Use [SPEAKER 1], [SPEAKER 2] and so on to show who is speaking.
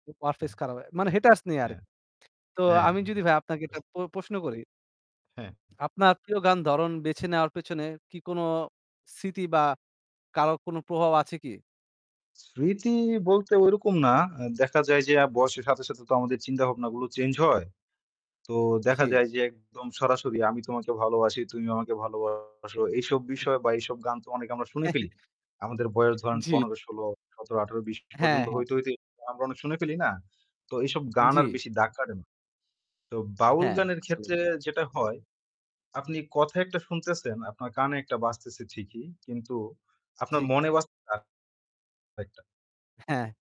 [SPEAKER 1] হ্যা।
[SPEAKER 2] Warfaze খারাপ হয়। মানে
[SPEAKER 1] [unintelligible]
[SPEAKER 2] haters নেই আর।
[SPEAKER 1] হ্যা।
[SPEAKER 2] তো
[SPEAKER 1] হ্যা
[SPEAKER 2] আমি যদি ভাই আপনাকে
[SPEAKER 1] [unintelligible]
[SPEAKER 2] একটা প প্রশ্ন করি
[SPEAKER 1] হ্যা।
[SPEAKER 2] আপনার প্রিয় গান ধরণ বেছে নেওয়ার পেছনে কি কোনো স্মৃতি বা কারো কোনো প্রভাব আছে কি?
[SPEAKER 1] স্মৃতি বলতে ওইরকম না। আ দেখা যায় যে আ বয়সের সাথে, সাথে তো আমাদের চিন্তাভাবনাগুলো change হয়। তো দেখা
[SPEAKER 2] জি।
[SPEAKER 1] যায় যে একদম সরাসরি আমি তোমাকে ভালোবাসি, তুমি আমাকে ভালোবাসো, এইসব বিষয় বা এইসব গান তো অনেক আমরা শুনে ফেলি। আমাদের বয়স ধরেন
[SPEAKER 2] জি।
[SPEAKER 1] ১৫ ১৬ ১৭ ১৮ ২০
[SPEAKER 2] হ্যাঁ,
[SPEAKER 1] পর্যন্ত
[SPEAKER 2] হ্যাঁ।
[SPEAKER 1] হইতে, হইতে আমরা অনেক শুনে ফেলি না? তো এইসব গান আর
[SPEAKER 2] জি।
[SPEAKER 1] বেশি ডাক কাড়ে না। তো বাউল
[SPEAKER 2] হ্যাঁ।
[SPEAKER 1] গানের
[SPEAKER 2] আসলেই।
[SPEAKER 1] ক্ষেত্রে যেটা হয়, আপনি কথা একটা শুনতেছেন, আপনার কানে একটা বাজতেছে ঠিকই কিন্তু
[SPEAKER 2] জি।
[SPEAKER 1] আপনার মনে বাজতেছে য়া আরেকটা।
[SPEAKER 2] হ্যাঁ।